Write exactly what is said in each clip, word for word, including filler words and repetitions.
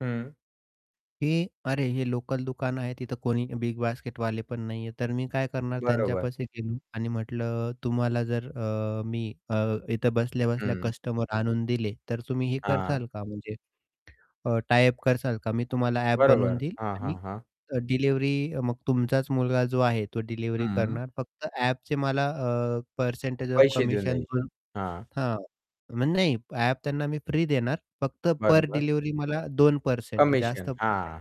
हां. की अरे हे लोकल दुकान आहे, तिथं कोणी bigbasketवाले पण नाही आहे, तर मी काय करणार बरोबर. त्यांच्यापाशी गेलो आणि म्हटलं, "तुम्हाला जर अ, मी अ, इथं बसल्या-बसल्या हं. कस्टमर आणून दिले, तर तुम्ही हे हां. करताल का म्हणजे? अ, टाय अप कराल का? मी तुम्हाला ॲप बनवून बरोबर. देईल हां, हां, आणि हां. डिलिव्हरी मग तुमचाच मुलगा जो आहे, तो डिलिव्हरी हां. करणार फक्त ॲपचे मला अ, पर्सेंटेज ऑफ पैसे देऊन कमिशन" द्यायचे. [unintelligible] हां. हां, मग नाही ॲप त्यांना मी फ्री देणार. फक्त पर बरोबर. डिलिव्हरी मला दोन पर्सेंट जास्त कमिशन पण नाही, हां.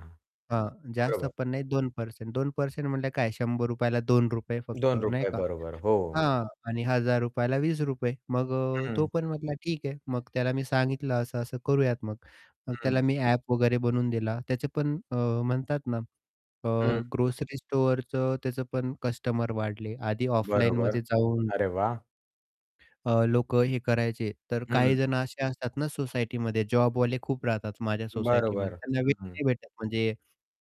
हां, जास्त बरोबर. पण नाही दोन पर्सेंट, दोन पर्सेंट म्हटले काय शंभर रुपया ला दोन रुपये फक्त दोन नाही रुपये का. बरोबर. हो. हां. आणि हजार रुपया ला वीस रुपये मग अ, तो हं. पण म्हटला, "ठीक आहे." मग त्याला मी सांगितलं असं-असं करूयात मग. मग हं. त्याला मी ॲप वगैरे बनवून दिला. त्याचे पण अ, म्हणतात ना. अ, हं. ग्रोसरी स्टोअरचं त्याचं पण कस्टमर वाढले, आधी बरोबर. ऑफलाईनमध्ये जाऊन अरे वाह! अ, लोकं हे करायचे, तर काही हं. जण असे असतात ना, सोसायटीमध्ये जॉबवाले खूप राहतात माझ्या बरोबर. सोसायटीमध्ये, त्यांना वेळ हं, हं. नाही भेटत म्हणजे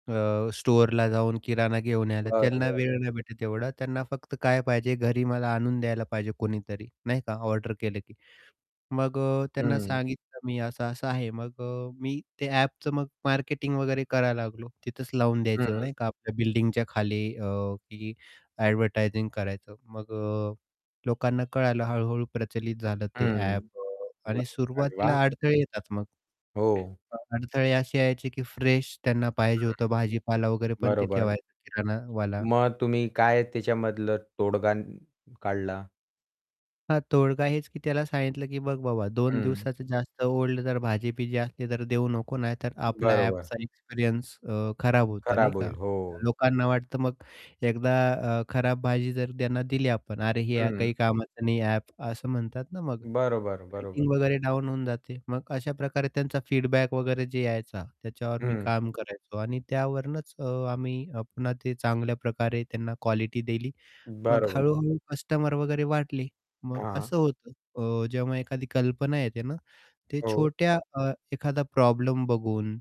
अ, स्टोअरला जाऊन किराणा घेऊन यायला. त्यांना बरोबर. वेळ नाही भेटत एवढा त्यांना फक्त काय पाहिजे, घरी मला आणून द्यायला पाहिजे कोणीतरी, नाही का. ऑर्डर केलं की. मग अ, त्यांना हं. सांगितलं मी असं-असं आहे, मग अ, मी ते ॲपचं मग मार्केटिंग वगैरे करायला लागलो, तिथंच लावून द्यायचं हं. नाही का आपल्या बिल्डिंगच्या खाली अ, की ॲडव्हर्टायझिंग करायचं. मग अ, लोकांना कळालं हळू-हळू प्रचलित झालं ते हं, ॲप. [unintelligible] आणि अरे वाह. सुरुवातीला अडथळे येतात मग. हो. अ, अडथळे असे यायचे, की फ्रेश त्यांना पाहिजे हं. होतं भाजीपाला वगैरे पण ते बरोबर. ठेवायचं किराणावला. मग तुम्ही काय त्याच्यामधलं तोडगा काढला? हां, तोडगा हेच की त्याला सांगितलं, की बघ बाबा दोन हं. दिवसाचं जास्त ओल्ड तर भाजी-बिजी असली तर देऊ नको नाही तर आपल्याला बरोबर. ॲपचा एक्सपिरियन्स अ, खराब होतो, नाही खराब का होईल, हो. लोकांना वाटतं मग एकदा अ, खराब भाजी जर त्यांना दिली आपण अरे हे हं. काही कामाचं नाही ॲप असं म्हणतात ना, मग बरोबर, बरोबर. रेटिंग वगैरे डाऊन होऊन जाते. मग अशा प्रकारे त्यांचा फीडबॅक वगैरे जे यायचा, त्याच्यावर मी हं. काम करायचो. आणि त्यावरूनच अ, आम्ही अ, पुन्हा ते चांगल्या प्रकारे त्यांना क्वालिटी दिली. मग बरोबर. हळू-हळू कस्टमर वगैरे वाटले. मग हां. असं होतं अ, जेव्हा एखादी कल्पना येते ना, ते हो. छोट्या अ, एखादा प्रॉब्लेम बघून,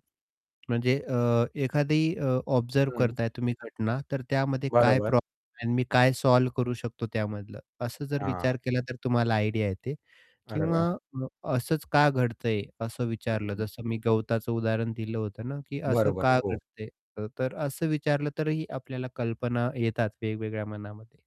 म्हणजे अ, एखादी अ, ऑब्झर्व्ह हं. करताय तुम्ही घटना, तर त्यामध्ये काय बरोबर. प्रॉब्लेम आहे मी काय सॉल्व्ह करू शकतो त्यामधलं, असं जर हां. विचार केला तर तुम्हाला आयडिया येते. अरे किंवा वाह! अ, असंच का घडतंय, असं विचारलं हं. जसं मी गवताचं उदाहरण दिलं होतं ना, की असं बरोबर, का हो. घडतंय? अ, तर असं विचारलं तरीही आपल्याला कल्पना येतात वेगवेगळ्या मनामध्ये.